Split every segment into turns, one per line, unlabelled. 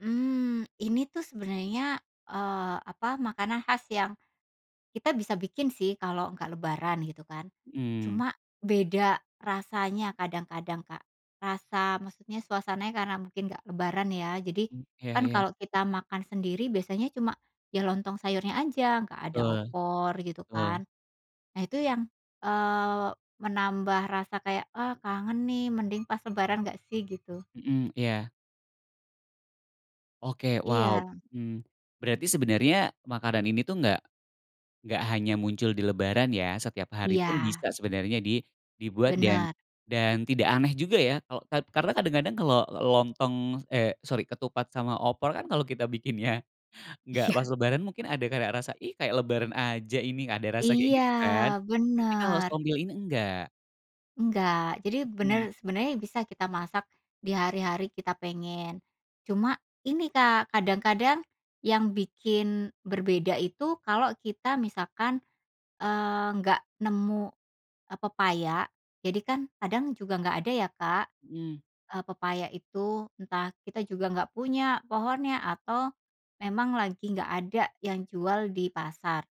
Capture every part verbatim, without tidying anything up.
Mmm, ini tuh sebenarnya, eee, apa, makanan khas yang kita bisa bikin sih, kalau nggak lebaran, gitu, kan.
Mhm.
Cuma beda rasanya kadang-kadang, Kak. Rasa maksudnya suasananya, karena mungkin nggak lebaran, ya. Jadi,
Mmm, iya
kan
iya.
kalau kita makan sendiri biasanya cuma ya lontong sayurnya aja, nggak ada
Betul.
opor, gitu,
Betul.
kan. Nah, itu yang, eee, menambah rasa kayak, "Ah, kangen nih, mending pas lebaran nggak, sih?" gitu.
Mhm. Iya. Oke, wow!
Iya.
Mmm. Berarti sebenarnya makanan ini tuh nggak nggak hanya muncul di lebaran, ya. Setiap hari pun
Iya.
bisa sebenarnya di dibuat, dan
Bener.
dan tidak aneh juga ya kalo kad karena kadang-kadang kalau lontong eh, sorry, ketupat sama opor kan kalau kita bikinnya nggak pas
Iya.
lebaran mungkin ada karak rasa, "Ih, kayak lebaran aja ini." Ada rasa kayak
Iya.
gitu, kan. Tapi kalau
Bener.
sombil ini enggak.
Enggak. Jadi
Mhm.
bener sebenarnya bisa kita masak di hari-hari kita pengen. Cuma, ini Kak, kadang-kadang yang bikin berbeda itu kalau kita misalkan, eee, nggak nemu, eee, pepaya. Jadi kan, kadang juga nggak ada ya Kak,
Mhm.
eee, pepaya itu. Entah kita juga nggak punya pohonnya, atau memang lagi nggak ada yang jual di pasar.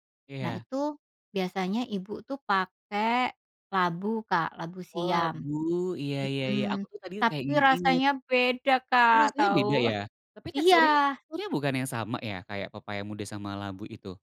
Nah,
Iya.
itu biasanya ibu tuh pakai labu, Kak, labu
Oh,
siam.
labu, iya, ya ya.
Mhm.
Aku tuh tadi kayak
Tapi
nginget-inget.
rasanya beda
Oh,
Kak,
rasanya beda,
tau.
ya? Tapi teksturnya
Iya.
teksturnya bukannya sama, ya? Kayak pepaya muda sama labu itu?